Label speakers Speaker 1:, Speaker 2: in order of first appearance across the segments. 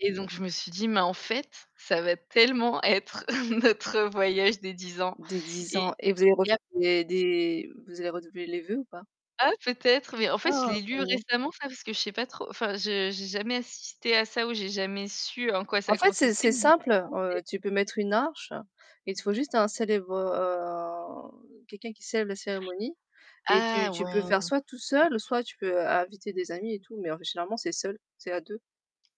Speaker 1: Et donc je me suis dit: «Mais en fait ça va tellement être notre voyage des 10 ans
Speaker 2: Dès 10
Speaker 1: et
Speaker 2: ans et vous avez
Speaker 1: il
Speaker 2: refait
Speaker 1: y a p»
Speaker 2: des des vous avez refait les vœux ou pas?
Speaker 1: Ah oui peut-être, mais en
Speaker 2: Ah,
Speaker 1: fait je l'ai
Speaker 2: pas
Speaker 1: lu
Speaker 2: besoin.
Speaker 1: récemment ça parce que je sais pas trop, enfin je j'ai jamais, heu, assisté à ça ou j'ai jamais su en quoi
Speaker 2: En
Speaker 1: ça
Speaker 2: fait, c'est
Speaker 1: consistait
Speaker 2: c'est simple, heu,
Speaker 1: [unintelligible]
Speaker 2: tu peux mettre une arche, il faut juste un célèbre, heu quelqu'un qui célèbre la cérémonie et
Speaker 1: Ah,
Speaker 2: tu tu peux
Speaker 1: ouais.
Speaker 2: faire soit tout seul ou soit tu peux inviter des amis et tout, mais officiellement c'est seul, c'est à 2.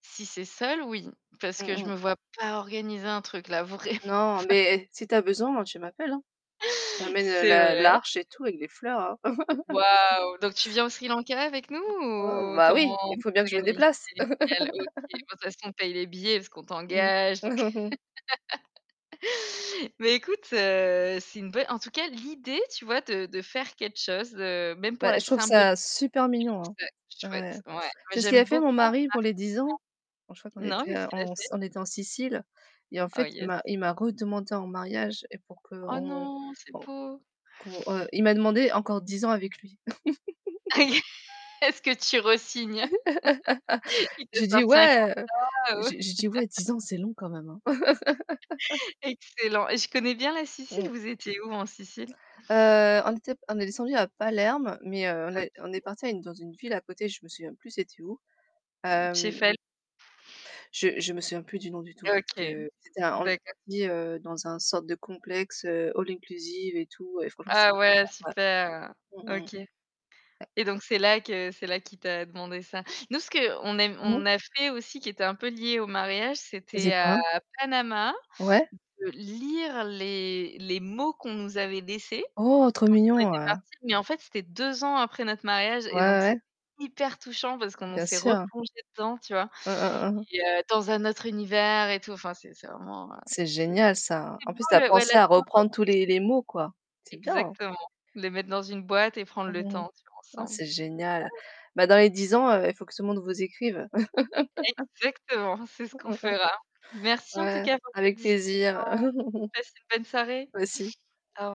Speaker 1: Si c'est seul, oui, parce
Speaker 2: Mmh
Speaker 1: que je
Speaker 2: mh.
Speaker 1: me vois pas organiser un truc là, vraiment
Speaker 2: Non,
Speaker 1: pas.
Speaker 2: mais si tu as besoin, moi, tu m'appelles, hein. Tu m’amènes
Speaker 1: C'est
Speaker 2: l'a
Speaker 1: vrai.
Speaker 2: l'arche et
Speaker 1: [unintelligible]
Speaker 2: tout avec les fleurs, hein.
Speaker 1: Waouh! Donc tu viens au Sri Lanka avec nous
Speaker 2: Ouais,
Speaker 1: ou
Speaker 2: bah,
Speaker 1: comment
Speaker 2: oui,
Speaker 1: on
Speaker 2: il faut bien que je me
Speaker 1: s'organise?
Speaker 2: déplace.
Speaker 1: Génial, OK, bah de toutes façons on paie les billets parce qu'on
Speaker 2: Mmh.
Speaker 1: t'engage. Mais écoute, heu, c'est une belle, en tout cas l'idée, tu vois de de faire quelque chose, heu, même pour
Speaker 2: Bah,
Speaker 1: la
Speaker 2: je trouve
Speaker 1: symbolique,
Speaker 2: ça super
Speaker 1: je trouve
Speaker 2: mignon.
Speaker 1: ça
Speaker 2: Ouais, tu
Speaker 1: chouette.
Speaker 2: sais,
Speaker 1: Ouais,
Speaker 2: c'est ce qu'il
Speaker 1: j'aime
Speaker 2: a fait
Speaker 1: beaucoup
Speaker 2: mon mari pour les 10 ans. Oh je crois
Speaker 1: marquer
Speaker 2: qu'on
Speaker 1: le temps non,
Speaker 2: était
Speaker 1: qu'est-ce qu'il a fait?
Speaker 2: on était en Sicile et en
Speaker 1: Ah,
Speaker 2: fait il
Speaker 1: yes.
Speaker 2: m'a il m'a redemandé en mariage et pour en
Speaker 1: Ah,
Speaker 2: qu'on
Speaker 1: non, c'est
Speaker 2: bon,
Speaker 1: beau.
Speaker 2: qu'on, il m'a demandé encore 10 ans avec lui.
Speaker 1: Est-ce que tu resignes? Il t'a
Speaker 2: J'ai dit
Speaker 1: sorti un
Speaker 2: ouais
Speaker 1: contrat, heu?
Speaker 2: j'ai dit: «Ouais, 10 ans, c'est long quand même».
Speaker 1: Excellent et je connais bien la Sicile,
Speaker 2: Mmh.
Speaker 1: vous étiez où en Sicile?
Speaker 2: Heu, on était on est descendus à Palerme, mais, heu, on est on est
Speaker 1: OK.
Speaker 2: partis dans une ville à côté, je me souviens plus c'était où,
Speaker 1: Mmh,
Speaker 2: hem
Speaker 1: Cefalù
Speaker 2: je je me souviens plus du nom du tout, parce
Speaker 1: OK,
Speaker 2: que c'était on est
Speaker 1: bah exact
Speaker 2: partis, heu, dans un sorte de complexe, heu, all inclusive et tout et franchement
Speaker 1: Ah ouais
Speaker 2: [unintelligible] ouais,
Speaker 1: super,
Speaker 2: mmh mh,
Speaker 1: OK
Speaker 2: ouais.
Speaker 1: et donc c'est là que c'est là qu'il t'a demandé ça. Nous, ce qu'on aime
Speaker 2: Mmh mh.
Speaker 1: on a fait aussi qui était un peu lié au mariage,
Speaker 2: Tu as
Speaker 1: c'était,
Speaker 2: dit
Speaker 1: heu,
Speaker 2: quoi?
Speaker 1: à Panama,
Speaker 2: Ouais.
Speaker 1: de lire les les mots qu'on nous avait laissés
Speaker 2: Oh, trop
Speaker 1: quand on
Speaker 2: mignon,
Speaker 1: était
Speaker 2: heu
Speaker 1: partis, mais en fait c'était 2 ans après notre mariage
Speaker 2: Ouais,
Speaker 1: et donc
Speaker 2: ouais.
Speaker 1: c'était hyper touchant parce qu'on
Speaker 2: Bien
Speaker 1: s'est
Speaker 2: sûr.
Speaker 1: replongés dedans, tu vois?
Speaker 2: Hein, hein, hein.
Speaker 1: Et heu, dans un autre univers et tout, enfin c'est c'est vraiment, heu,
Speaker 2: C'est
Speaker 1: c'est
Speaker 2: génial ça.
Speaker 1: c'est
Speaker 2: En
Speaker 1: beau
Speaker 2: plus, tu as
Speaker 1: le ouais la
Speaker 2: pensé à
Speaker 1: symbolique.
Speaker 2: reprendre tous les les mots, quoi. C'est bien!
Speaker 1: Exactement, les mettre dans une boîte et prendre
Speaker 2: Mmh,
Speaker 1: le
Speaker 2: mmh, mmh.
Speaker 1: temps, tu vois,
Speaker 2: Ah,
Speaker 1: ensemble
Speaker 2: c'est génial. Bah, dans les 10 ans, il faut que ce monde vous écrive.
Speaker 1: Exactement, c'est ce qu'on
Speaker 2: Mmh, mmh, mmh.
Speaker 1: fera. Merci en tout
Speaker 2: Ouais,
Speaker 1: cas pour cette
Speaker 2: avec
Speaker 1: discussion.
Speaker 2: plaisir.
Speaker 1: Passe une bonne soirée.
Speaker 2: Toi aussi.
Speaker 1: Au re